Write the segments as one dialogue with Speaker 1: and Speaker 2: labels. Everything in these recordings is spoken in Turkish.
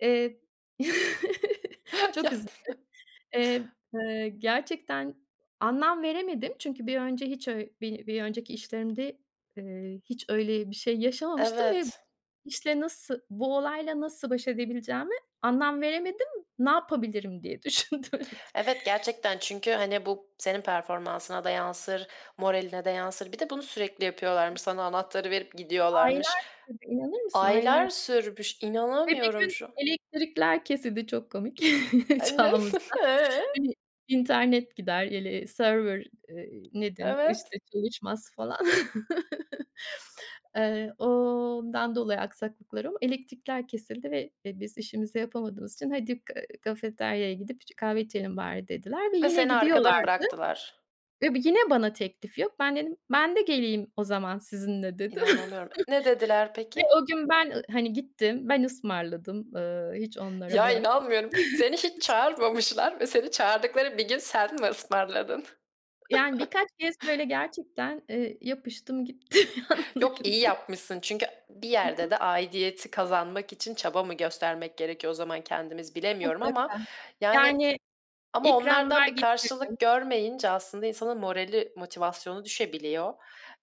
Speaker 1: Eee. Çok üzüldüm.
Speaker 2: [unintelligible]
Speaker 1: Eee, eee, gerçekten anlam veremedim çünkü bir önce hiç ö bir bir önceki işlerimde, eee, hiç öyle bir şey yaşamamıştım ve
Speaker 2: Evet.
Speaker 1: işle nasıl bu olayla nasıl baş edebileceğime anlam veremedim. Ne yapabilirim diye düşündüm hep.
Speaker 2: Evet gerçekten çünkü hani bu senin performansına da yansır, moraline de yansır. Bir de bunu sürekli
Speaker 1: Hı hı.
Speaker 2: yapıyorlarmış, sana anahtarı verip gidiyorlarmış.
Speaker 1: Aylar sürdü inanır mısın, aylar
Speaker 2: Aylar
Speaker 1: sürdü.
Speaker 2: sürmüş,
Speaker 1: Ve bir
Speaker 2: inanamıyorum
Speaker 1: gün
Speaker 2: şu an.
Speaker 1: elektrikler kesildi çok komik
Speaker 2: Annem
Speaker 1: çağımızda.
Speaker 2: eee.
Speaker 1: Hani internet gider, [unintelligible] server, eee, ne denir işte
Speaker 2: Evet.
Speaker 1: çalışmaz falan. Eee, ondan dolayı aksaklıklar [unintelligible] elektrikler kesildi ve, eee, biz işimizi yapamadığımız için hadi, eee, kafeteryaya gidip iç kahve içelim bari dediler ve
Speaker 2: Ve
Speaker 1: yine
Speaker 2: seni arkada mı
Speaker 1: gidiyorlardı
Speaker 2: bıraktılar?
Speaker 1: ve bi yine bana teklif yok. Ben dedim, ben de geleyim o zaman sizinle, dedim
Speaker 2: İnanamıyorum. Ne dediler
Speaker 1: ve
Speaker 2: peki?
Speaker 1: o gün ben eee, hani gittim. Ben ısmarladım. Eee, hiç onlara
Speaker 2: Ya
Speaker 1: bırakmadım.
Speaker 2: inanmıyorum. Seni hiç çağırmamışlar ve seni çağırdıkları bir gün sen mi ısmarladın?
Speaker 1: Yani birkaç kez böyle gerçekten, eee, yapıştım gittim
Speaker 2: Yok iyi
Speaker 1: yanlarına.
Speaker 2: yapmışsın. Çünkü bir
Speaker 1: Hı
Speaker 2: yerde
Speaker 1: hı.
Speaker 2: de aidiyeti kazanmak için çaba mı göstermek gerekiyor o zaman kendimiz bilemiyorum ama.
Speaker 1: Mutlaka.
Speaker 2: Yani
Speaker 1: Yani,
Speaker 2: ama onlardan
Speaker 1: ikramlar
Speaker 2: bir
Speaker 1: getirdim.
Speaker 2: karşılık görmeyince aslında insanın morali, motivasyonu düşebiliyor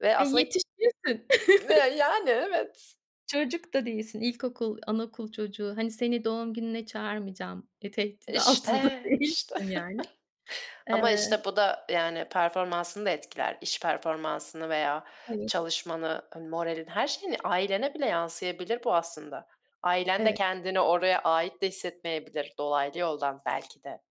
Speaker 2: ve
Speaker 1: Eee,
Speaker 2: aslında
Speaker 1: yetişkinsin.
Speaker 2: eee, yani evet.
Speaker 1: Çocuk da değilsin, ilkokul, anaokul çocuğu. Hani seni doğum gününe çağırmayacağım, eee, tehdit altında
Speaker 2: İşte, işte,
Speaker 1: değilsin yani. Eee
Speaker 2: ama işte bu da yani performansını da etkiler, iş performansını veya
Speaker 1: Evet.
Speaker 2: çalışmanı, eee, moralin her şeyini ailene bile yansıyabilir bu aslında. Ailen de
Speaker 1: Evet.
Speaker 2: kendini oraya ait de hissetmeyebilir, dolaylı yoldan belki de.